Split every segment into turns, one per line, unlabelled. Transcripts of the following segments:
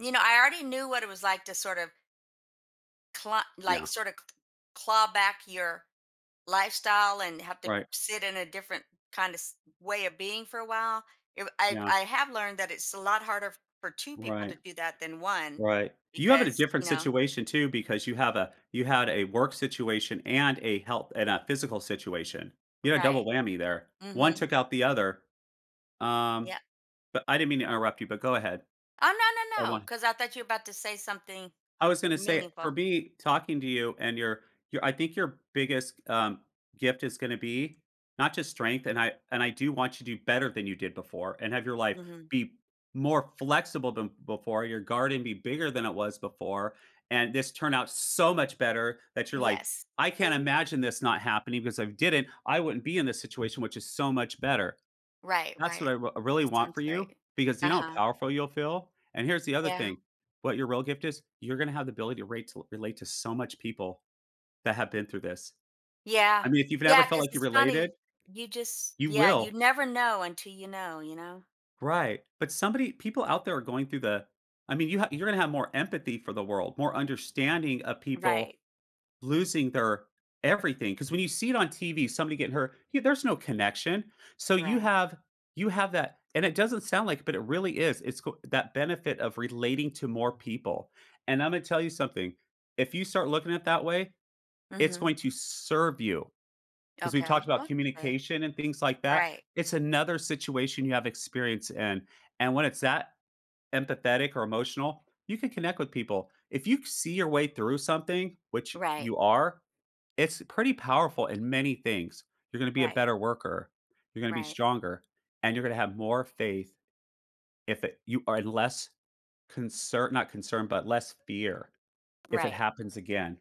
You know, I already knew what it was like to, sort of cla like,
Yeah.
sorta claw back your lifestyle and have to
Right.
sit in a different kinda s way of being for a while. It w I
Yeah.
I have learned that it's a lot harder for 2 people
Right.
to do that than 1
Right. You have it a
because,
different
you know
situation, too, because you have a you had a work situation and a health and a physical situation. You had a double
Right.
whammy there, one
Mhm.
took out the other. Um,
Yeah.
but I didn't mean to interrupt you but go ahead.
Oh no,
I
no, no,
wan
'cause I thought you're about to say something,
I was gonna say, for
meaningful.
me, talking to you and your your I think your biggest g um, gift is gonna be, not just strength, and I and I do want you to do better than you did before and have your life
Mhm.
be more flexible than before, your garden be bigger than it was before, and this turn out so much better that you're like,
Yes.
"I can't
Please.
imagine this not happening, because if it didn't, I wouldn't be in this situation which is so much better."
Right,
That's what
right.
I r really
That
want for
sounds great.
you because, you know how
Uh-huh.
powerful you'll feel, and here's the other
Yeah.
thing. What your real gift is, you're gonna have the ability to ratel relate to so much people that have been through this,
Yeah.
I mean, if you've never
Yeah,
felt
'cause
like you
it's
related
funny, you just
you
yeah, you
will.
never know until you know, you know?
Right, but somebody people out there are going through the I mean, you ha you're gonna have more empathy for the world, more understanding of people
Right.
losing their everything, 'cause when you see it on TV, somebody getting hurt, yo there's no connection, so, you
Right.
have you have that, and it doesn't sound like, but it really is, it's c that benefit of relating to more people, and Imma tell you something, if you start looking at that way, it's going
Mhm.
to serve you, 'cause we've talked
Okay. Well,
about
that's good.
communication and things like that.
Right.
It's another situation you have experience in, and when it's that empathetic or emotional, you can connect with people. If you c see your way through something, which
Right.
you are, it's pretty powerful in many things. You're gonna be a
Right.
better worker, you're gonna be
Right.
stronger, and you're gonna have more faith if i you are less concer not concern, but less fear if it
Right.
happens again,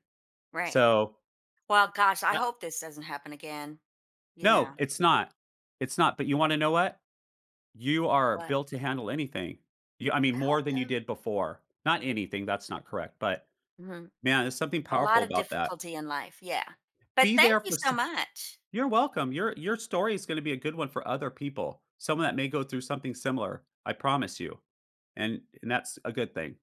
Right.
so
Well, gosh, I
Yea
hope this doesn't happen again, you
No,
know?
it's not. It's not, but, you wanna know what? You are
What?
built to handle anything. You I mean,
I hope
more than you
so.
did before. Not anything, that's not correct, but,
Mhm.
man, there's something
A
powerful
lot of
about that.
difficulty in life, yeah, but
Be
thank
there
you
for
so
so
much.
you're welcome. Your your story is gonna be a good one for other people, someone that may go through something similar. I promise you, and and that's a good thing.